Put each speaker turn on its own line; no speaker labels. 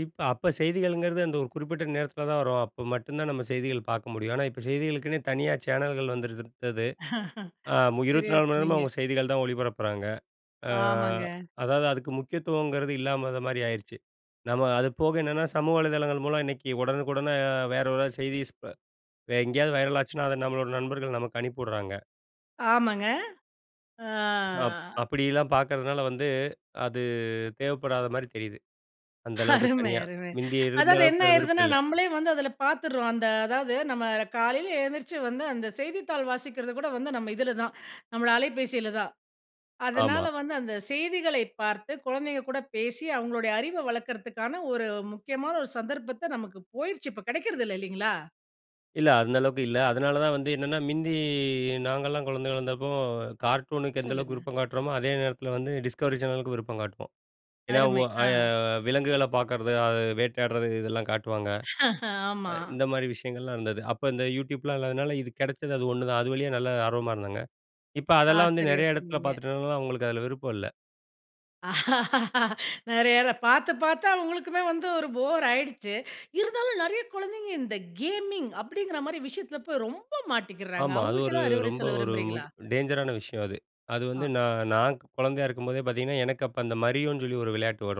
இப்ப அப்ப செய்திகளுங்கறது அந்த ஒரு குறிப்பிட்ட நேரத்துல தான் வரும். அப்ப மட்டும்தான் நம்ம செய்திகள் பாக்க முடியும். ஆனா, இப்ப செய்திகளுக்குன்னே தனியா சேனல்கள் வந்துவிட்டது ஆ மு
சரியா
24 மணி நேரமும்
சொன்னீங்க.
அவங்க செய்திகள் தான் ஒளிபரப்புறாங்க. அ
ஆமாங்க.
அதாவது அதுக்கு முக்கியத்துவம்ங்கறது இல்லாத மாரி ஆயிருச்சு. நம்ம அதுபோக என்னன்னா, சமூக வலைதளங்கள் மூலம் இன்னைக்கு உடனுக்குடன வேற யாராவது செய்திஸ் வ வேற எங்கயாவது வைரல் ஆச்சுன்னா, அத நம்மளோட நண்பர்கள் நமக்கு அனுப்பிஉடுறாங்க.
ஆமாங்க. ஆ.
அப் அப்டிலாம் பாக்றதுனால வந்து, அது தேவப்படாத மாரி தெரிது. அந்த அளவுக்கு
அருமை,
தனியா.
அருமை!
மிந்தி இருந்த
அதாவது என்ன
அளவுக்கு விருப்பம்
ஆயிடுதுன்னா,
இல்ல.
நம்மளே வந்து அதுல பாத்துறோம். அந்த அதாவது, நம்ம காலைல எழுந்திருச்சு வந்து, அந்த செய்தித்தாள் வாசிக்கிறது கூட வந்து நம்ம இதுலதான், நம்மள அலைபேசிலதான். அதனால
ஆமா.
வந்து, அந்த செய்திகளைப் பார்த்து, குழந்தைங்க கூட பேசி, அவங்களுடைய அறிவ வளர்க்கிறதுக்கான ஒரு முக்கியமான ஒரு சந்தர்ப்பத்த நமக்கு போயிருச்சு, இப்ப கெடைக்றது இல்ல இல்லைங்களா?
இல்ல, அந்த அளவுக்கு இல்ல. அதனாலதான் வந்து என்னன்னா, மிந்தி நாங்கல்லாம் குழந்தைகளா இருந்தப்போ கார்ட்டூனுக்கு எந்த அளவுக்கு
சொல்லுங்க.
விருப்பம் காட்றோமோ, அதே நேரத்துல வந்து, டிஸ்கவரி சேனலுக்கும் விருப்பம் காட்டுவோம். ஏன்னா, உ
அருமை,
அய
அ.
விலங்குகளப் பார்க்றது, அது வேட்டையாடுறது இதெல்லாம் காட்டுவாங்க. அ
ஆமா.
இந்த மாரி விஷயங்கள்லாம் இருந்தது. அப்ப இந்த YouTubeலாம் இல்லாததுனால, இது கெடச்சது அது ஒன்னுதான். அது வழியா நல்ல ஆர்வமா இருந்தாங்க. இப்ப
ஆ
அதெல்லாம் வந்து
சரியா
நெறைய எடத்துல
சொன்னீங்க.
பாத்துட்டதுனால, அவங்களுக்கு அதுல விருப்பம் இல்ல.
நெறையாத பாத்து, பாத்து அவங்களுக்குமே வந்து ஒரு போர் ஆயிடுச்சு. இருந்தாலும் நறையா குழந்தைங்க, இந்த கேமிங் அப்டிங்கற மாரி விஷயத்துல போய் ரொம்ப மாட்டிக்கிறாங்க,
ஆமா, அது
அவங்களுக்கு
ஒரு
ஏதாவது அறிவுரை
ரொம்ப
சொல்ல
ஒரு
விரும்புறீங்களா?
டேஞ்சரான விஷயம் அது. அது
ஆ
வந்து, நா
சொல்
நான் குழந்தையா இருக்கும் போதே பாத்தீங்கன்னா, எனக்கு அப்ப அந்த Marioன்னு சொல்லி ஒரு விளையாட்டு வரும்